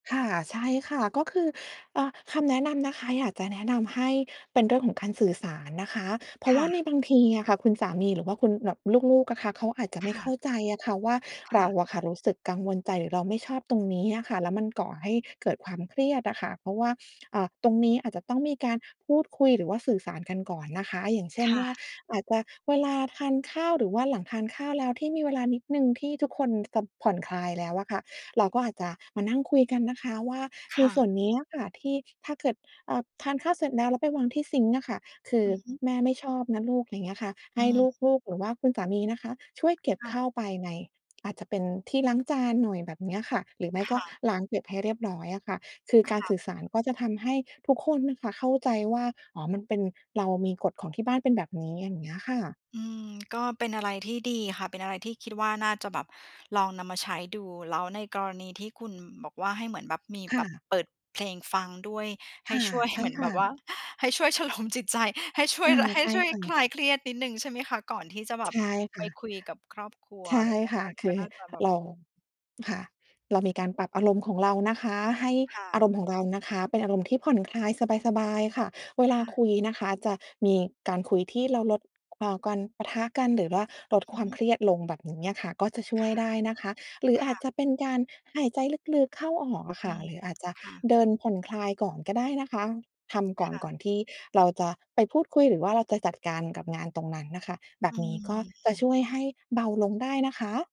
ค่ะ ใช่ค่ะ ก็คือ อะ คำแนะนำนะคะ อยากจะแนะนำให้เป็นเรื่องของการสื่อสารนะคะ เพราคะว่่าในะ บางทีอะค่ะคุณสามีหรือว่าคุณแบบ ลูก ๆ อะค่ะ เขาอาจจะไคม่่เข้ะ าใจอะค่ะว่า คเร่าะ อะค่ะรู้สึกกังวลใจหรือเราไม่ชอบตรงนี้อะค่ะ แล้วมันก่อให้เกิดความเครียดน่ะค่ะ เพราะว่า อ่า ตรงนี้อาจจะต้องมีการพูดคุย หรือว่าสื่อสารกันก่อนนะคะ อย่างเช่คน่ว่า ะ อาจจะ เวลาทานข้าวหรือว่าหลังทานข้าวแล้ว ที่มีเวลานิดหนึ่ง ที่ทุกคนจะผ่อนคลายแล้วอะค่ะ เราก็อาจจะมานั่งคุยกันนะคะว่า คใน่สะ ่วนนี้น่ะค่ะที่ ถ้าเกิด อ่า ทานข้าวเสร็จแล้ว แล้วไปวางที่ซิงก์อะค่ะ คืออ ือฮึ "แม่ไม่ชอบนะลูก" อย่างเงี้ยค่ะ ใอหื้ม ลูก ๆ หรือว่าคุณสามีนะคะ ช่วยเก็บค่ะ เข้าไปใน อาจจะเป็นที่ล้างจานหน่อย แบบเนี้ยค่ะ หรือไม่คก็่ะ ล้างเก็บให้เรียบร้อยอะค่ะ คือคการ่ะ สื่อสารก็จะทำให้ทุกคนนะคะเข้าใจว่า อ๋อ มันเป็น เรามีกฎของที่บ้านเป็นแบบนี้ อย่างนี้ค่ะ อือ ก็เป็นอะไรที่ดีอะค่ะ เป็นอะไรที่คิดว่าน่าจะแบบลองนำมาใช้ดู แล้วในกรณีที่คุณบอกว่า ให้เหมือนแบบ มีคแ่บบะ เปิดเพลงฟังด้วย ใคห้่ะ ช่วยใช่เหมือนคแบ่ะ บ ว่า ให้ช่วยชโลมจิตใจ ให้ช่อวย า และใหใ้ช่ช่วย ค่คะ ลายเครียดนิดหนึ่ง ใช่ไหมคะ? ก่อนที่จะแบใชบ ่คไป่ะ คุยกับครอบครัว ใชอะไ่รอย่างเงี้ย ค่กะ ็ คก็ ือน่าจะแบบ เรา ค่ะ เรามีการปรับอารมณ์ของเรานะคะ ให้ค่อาะ รมณ์ของเรานะคะเป็นอารมณ์ที่ผ่อนคลายสบาย ๆ ค่ะ เวคลา่ะ คุยนะคะ จะมีการคุยที่เราลด อ่า การปะทะกัน หรือว่าอลือดฮความึ เครียดลงแบบนี้อะค่ะ ก็จะช่คว่ยะ ได้นะคะ หรือคอ่าจะ จะเป็นการหายใจลึก ๆ เข้าออกอะอคื่ะ ม หรืออาจจะค่ะ เดินผ่อนคลายก่อนก็ได้นะคะ ทำกค่อน ่ก่ะ อนที่เราจะไปพูดคุย หรือว่าเราจะจัดการกับงานตรงนั้นน่ะค่ะ แบอืบนี้ก็จะม ช่วยให้เบาลงได้นะคะ